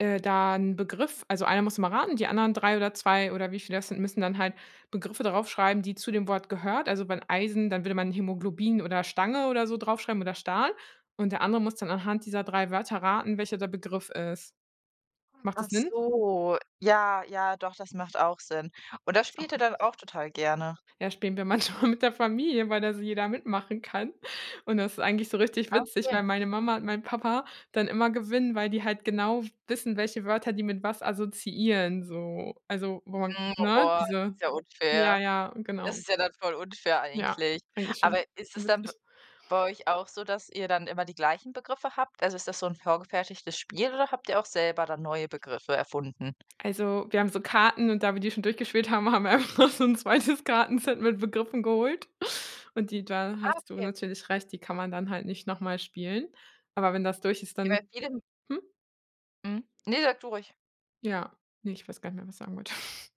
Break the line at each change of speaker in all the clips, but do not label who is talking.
Äh, da 'n Begriff also, einer muss immer raten, die anderen 3 oder 2 oder wie viele das sind, müssen dann halt Begriffe da rauf schreiben, die zu dem Wort gehört. Also, wenn Eisen, dann würde man Hämoglobin oder Stange oder so drauf schreiben oder Stahl. Und der andere muss dann anhand dieser 3 Wörter raten, welcher der Begriff ist. Macht
Ach
das Sinn?
so. Ja, ja, doch, das macht auch Sinn. Und das
Ist
spielt
auch
ihr dann
richtig.
auch total gerne?
Ja, spielen wir manchmal mit der Familie, weil da so jeder mitmachen kann. Und das eigentlich so richtig witzig,
Okay.
weil meine Mama und mein Papa dann immer gewinnen, weil die halt genau wissen, welche Wörter die mit was assoziieren so. Also, wo
Mhm.
ne?
Boah,
Diese
ist ja
ja,
unfair.
ja,
Das
genau.
ist ja dann voll unfair
Ja,
eigentlich.
eigentlich schon.
Aber ist
Schon
es dann b
witzig.
bei euch auch so, dass ihr dann immer die gleichen Begriffe habt? Also, ist das so 'n vorgefertigtes Spiel oder habt ihr auch selber dann neue Begriffe erfunden?
Also, wir haben so Karten und da wir die schon durchgespielt haben, haben wir einfach noch so 'n 2 Kartenset mit Begriffen geholt und die da
Ah,
hast du
okay.
natürlich recht, die kann man dann halt nicht nochmal spielen. Aber wenn das durch ist,
Ja, bei
dann
vielen
hm?
Mhm. Ne, sag du ruhig.
Ja, ne, ich weiß gar nicht mehr, was ich sagen wollte.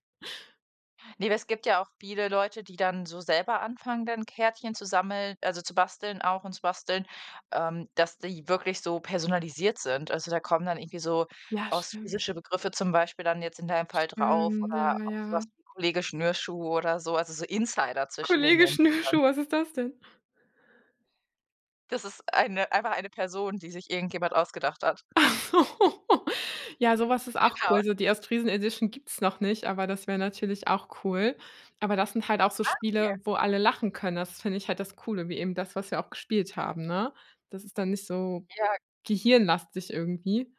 Ne, es gibt ja auch viele Leute, die dann so selber anfangen, dann Kärtchen zu sammeln also, zu basteln auch und zu basteln, ähm, dass die wirklich so personalisiert sind. Also, da kommen dann irgendwie so
Ja, stimmt.
ostfriesische Begriffe zum Beispiel dann jetzt in deinem Fall drauf
Stimmt,
oder
ja,
auch so was
ja.
wie „Kollege Schnürschuh“ oder so, also, so Insider zwischen den
Kollege
Menschen dann.
Schnürschuh, was ist das denn?
Das ist eine einfach eine Person, die sich irgendjemand ausgedacht hat.
Ja, so was ist auch
Genau.
cool. So, die Ostfriesen-Edition gibt's noch nicht, aber das wäre natürlich auch cool. Aber das sind halt auch so
Ah,
Spiele,
okay.
wo alle lachen können. Das finde ich halt das Coole, wie eben das, was wir auch gespielt haben, ne? Das ist dann nicht so
Ja.
gehirnlastig, irgendwie.